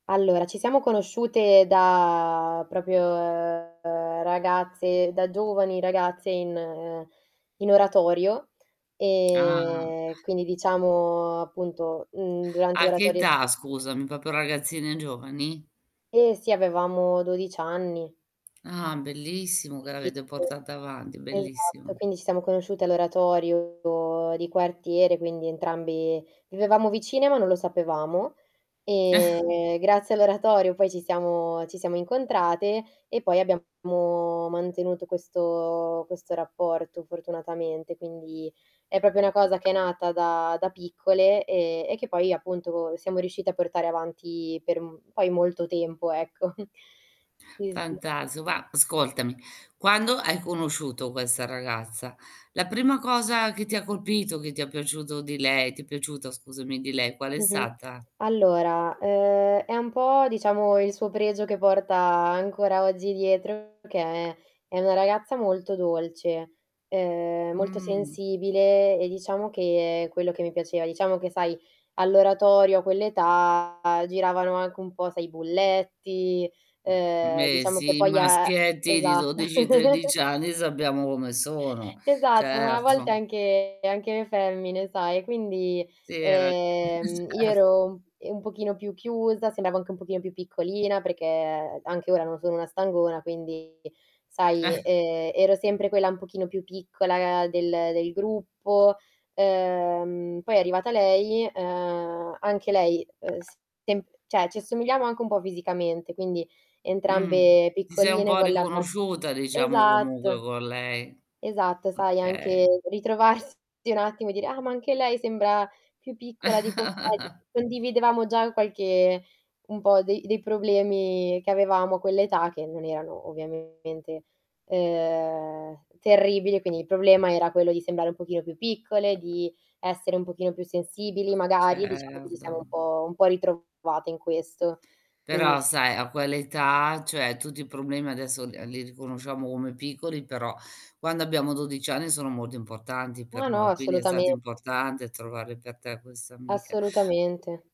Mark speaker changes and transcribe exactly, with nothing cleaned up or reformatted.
Speaker 1: Allora, ci siamo conosciute da propio ragazze da giovani ragazze in in oratorio
Speaker 2: Ah.
Speaker 1: e quindi, diciamo, appunto, mhmm, durante
Speaker 2: A che
Speaker 1: l'oratorio si
Speaker 2: età scusami? popo ragazzine giovani?
Speaker 1: Eh, sì, avevamo dodici anni.
Speaker 2: Ah, bellissimo che l'avete
Speaker 1: [unintelligible]
Speaker 2: portata avanti,
Speaker 1: esatto,
Speaker 2: bellissimo.
Speaker 1: quindi, ci siamo conosciute all'oratorio di quartiere. Quindi, entrambi vivevamo vicine, ma non lo sapevamo e grazie all'oratorio poi ci siamo ci siamo incontrate. E poi abbiamo mantenuto questo questo rapporto fortunatamente, quindi è popo una cosa che è nata da da piccole e e che poi, appunto, siamo riuscite a portare avanti per, mhmm, poi molto tempo, ecco. Sì, sì.
Speaker 2: fantaso, va Ascoltami, quando hai conosciuto questa ragazza, la prima cosa che ti ha colpito, che ti è piaciuto di lei ti è piaciuta, scusami, di lei, qual è
Speaker 1: Mh-mh.
Speaker 2: stata?
Speaker 1: Allora, ehm, è un po', diciamo, il suo pregio che porta ancora oggi dietro, che è una ragazza molto dolce, ehm, molto
Speaker 2: Mh.
Speaker 1: sensibile, e diciamo che è quello che mi piaceva. Diciamo che sai all'oratorio a quell' età giravano anche un po' sai i bulletti, ehm,
Speaker 2: Me
Speaker 1: diciamo che
Speaker 2: sì, i
Speaker 1: poi a
Speaker 2: maschietti di
Speaker 1: Esat
Speaker 2: dodici tredici anni sappiamo come sono.
Speaker 1: Esatto, ma a volte
Speaker 2: Certo.
Speaker 1: anche anche le femmine, sai? Quindi,
Speaker 2: Sì, hai ra
Speaker 1: ehm, io
Speaker 2: Cert
Speaker 1: ero, ehm, un pochino più chiusa, sembravo anche un pochino più piccolina, perché anche ora non sono una stangona, quindi sai, ehm, ero sempre quella un pochino più piccola del, uhm, del gruppo, ehm, poi è arrivata lei, ehm, anche lei, ehm, s temp ceh ci assomigliamo anche un po' fisicamente, quindi
Speaker 2: Mh,
Speaker 1: entrambe
Speaker 2: ti sei un
Speaker 1: piccoline
Speaker 2: po'
Speaker 1: con la fac
Speaker 2: riconosciuta, diciamo, comunque
Speaker 1: esatto
Speaker 2: con lei.
Speaker 1: Esatto,
Speaker 2: Mh.
Speaker 1: sai
Speaker 2: kay
Speaker 1: anche ritrovarsi un attimo e dire: "Ah, ma anche lei sembra più piccola dei compagni." Condividevamo già qualche un po' dei dei problemi che avevamo a quell'età, che non erano ovviamente, ehm, terribili, quindi il problema era quello di sembrare un pochino più piccole, di essere un pochino più sensibili magari, diciamo che ci siamo un
Speaker 2: Certo.
Speaker 1: po' un po' ritrovate in questo. Quindi
Speaker 2: Però,
Speaker 1: s
Speaker 2: sai a quell'età cioè, tutti i problemi adesso, ehm, li riconosciamo come piccoli, però quando abbiamo dodici anni sono molto importanti per
Speaker 1: No, no,
Speaker 2: noi, quindi è stato
Speaker 1: assolutamente.
Speaker 2: importante trovare per te questa amica.
Speaker 1: Assolutamente.